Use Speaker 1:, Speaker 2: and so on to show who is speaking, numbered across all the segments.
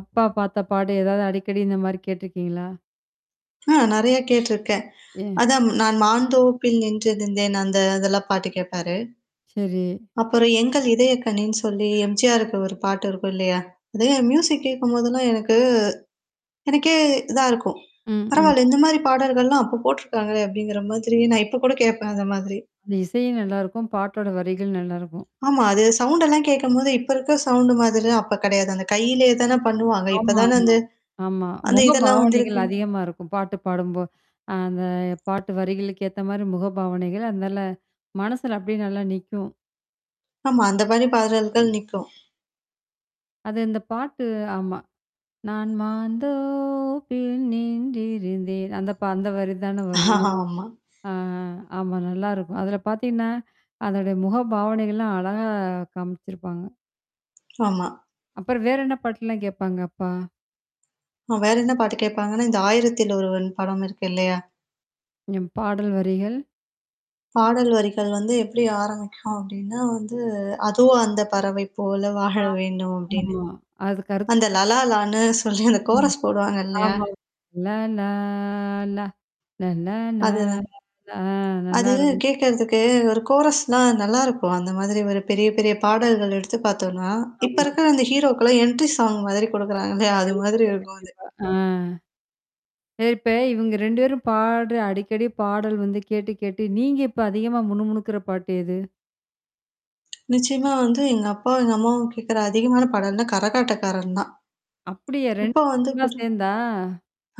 Speaker 1: அப்பா பார்த்த பாடு ஏதாவது அடிக்கடி இந்த மாரி கேட்டுருக்கீங்களா?
Speaker 2: ஆ நெறைய கேட்டுருக்கேன்.
Speaker 1: ம்.
Speaker 2: அதான் நான் மான்ந்தோப்பில் நின்றிருந்தேன் அந்த அதெல்லாம் பாட்டு கேட்பாரு.
Speaker 1: சரி.
Speaker 2: அப்புறம் எங்கள் இதயக்கனின்னு சொல்லி எம்ஜிஆருக்கு ஒரு பாட்டு இருக்கும் இல்லையா, அது மியூசிக் கேட்கும்போதெல்லாம் எனக்கு எனக்கே இதா இருக்கும்.
Speaker 1: ம், ம்.
Speaker 2: "பரவால்ல! இந்த மாரி பாடல்கள்லாம் அப்ப போட்டுருக்காங்களே." அப்படிங்கிற மாதிரி நான் இப்ப கூட கேட்பேன் அந்த மாதிரி.
Speaker 1: அந்த இசையும் நல்லாருக்கும். பாட்டோட வரிகள் நல்லாருக்கும்.
Speaker 2: ஆமா. அது சவுண்டெல்லாம் கேட்கும்போது இப்ப இருக்க சவுண்டு மாதிரிலாம் அப்ப கிடையாது. அந்த கையிலேயே தானே பண்ணுவாங்க. இப்ப தானே
Speaker 1: ஆமாமா.
Speaker 2: அந்த
Speaker 1: ஆமா.
Speaker 2: அந்த
Speaker 1: முக
Speaker 2: இதெல்லாம்
Speaker 1: பாவனைகள்
Speaker 2: வந்திருக்கு.
Speaker 1: அதிகமா இருக்கும். பாட்டு பாடும்போ அ அந்த பாட்டு வரிகளுக்கு ஏத்த மாரி முக பாவனைகள், அதுனால மனசுல அப்டியே நல்லா நிக்கும்.
Speaker 2: ஆமா. அந்த பணி பாடல்கள் நிக்கும்.
Speaker 1: அது இந்த பாட்டு ஆமா. நான் மாந்தோபில் நின்றிருந்தேன். அந்த ப அந்த வரி தான வரும்.
Speaker 2: ஆமா.
Speaker 1: ஆ ஆமா நல்லாயிருக்கும். அதில பார்த்தீங்கன்னா அதோட முக பாவனைகள்லாம் அழகா காமிச்சிருப்பாங்க.
Speaker 2: ஆமா.
Speaker 1: அப்புறம் வேற என்ன பாட்டுலாம் கேட்பாங்க, அப்பா?
Speaker 2: வேற என்ன பாட்டு கேட்பாங்கன்னா, இந்த ஆயிரத்தில் ஒருவன் படம் இருக்கு இல்லையா?
Speaker 1: ம். பாடல் வரிகள்
Speaker 2: அ பாடல் வரிகள் வந்து எப்படி ஆரம்பிக்கும் அப்படின்னா, வந்து அதோ அந்த பறவை போல
Speaker 1: ஆ.
Speaker 2: வாழ வேண்டும் அப்படின்னு.
Speaker 1: ஆமா. [unintelligible]
Speaker 2: அந்த லல லான்னு சொல்லி அந்த
Speaker 1: ம்.
Speaker 2: கோரஸ் போடுவாங்க இல்லையா?
Speaker 1: ஆமா. லல்லா லா லல்லா லா
Speaker 2: அதுதான்.
Speaker 1: அ
Speaker 2: அது
Speaker 1: நல்லாருக்கும்.
Speaker 2: கேட்கறதுக்கு ஒரு கோரஸ்லாம் நல்லாயிருக்கும். அந்த மாதிரி ஒரு பெரிய, பெரிய பாடல்கள் எடுத்து பார்த்தோனா, இப்ப
Speaker 1: ஆமா.
Speaker 2: இருக்கிற அந்த ஹீரோக்கல்லாம் என்ட்ரி சாங் மாதிரி குடுக்குறாங்க இல்லையா? அது மாதிரி
Speaker 1: கண்டிப்பா,
Speaker 2: இருக்கும் அது.
Speaker 1: கண்டிப்பா. ஆ. ப்ப இப்ப இவங்க 2 பேரும் பாடுற அடிக்கடி பாடல் வந்து கேட்டு கேட்டு நீங்க இப்ப அதிகமா முணு முணுக்குற பாட்டு எது?
Speaker 2: நிச்சயமா வந்து எங்க அப்பா, எங்க அம்மாவும் கேட்கற அதிகமான பாடல் வந்து கரகாட்டக்காரன் தான்.
Speaker 1: அப்படியா 2மே
Speaker 2: இப்போ
Speaker 1: பேருமே
Speaker 2: வந்துக்கூட
Speaker 1: சேர்ந்தா?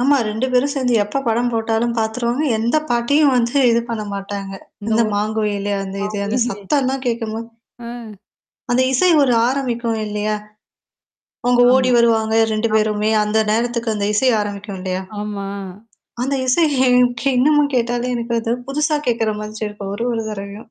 Speaker 2: ஆமா. 2 பேரும் சேர்ந்து எப்ப படம் போட்டாலும் பார்த்துருவாங்க. எந்த பாட்டியும் வந்து இது பண்ண மாட்டாங்க. இந்த
Speaker 1: இந்தோர்.
Speaker 2: மாங்குயிலே அந்த இது அந்த
Speaker 1: [unintelligible]
Speaker 2: சத்தம்ல்லாம் கேட்கும்போது
Speaker 1: ஆ.
Speaker 2: அந்த இசை ஒரு ஆரம்பிக்கும் இல்லையா, அவங்க ஓடி
Speaker 1: ஆமா,
Speaker 2: வருவாங்க 2
Speaker 1: ஆமா,
Speaker 2: பேருமே
Speaker 1: ஆமா.
Speaker 2: அந்த நேரத்துக்கு அந்த இசை ஆரம்பிக்கும் இல்லையா?
Speaker 1: ஆமா.
Speaker 2: அந்த இசை எனக்கு இன்னமும் கேட்டாலே எனக்கு அது புதுசா கேட்கற மாதிரி இருக்கும். ஒரு, ஒரு தடவையும்.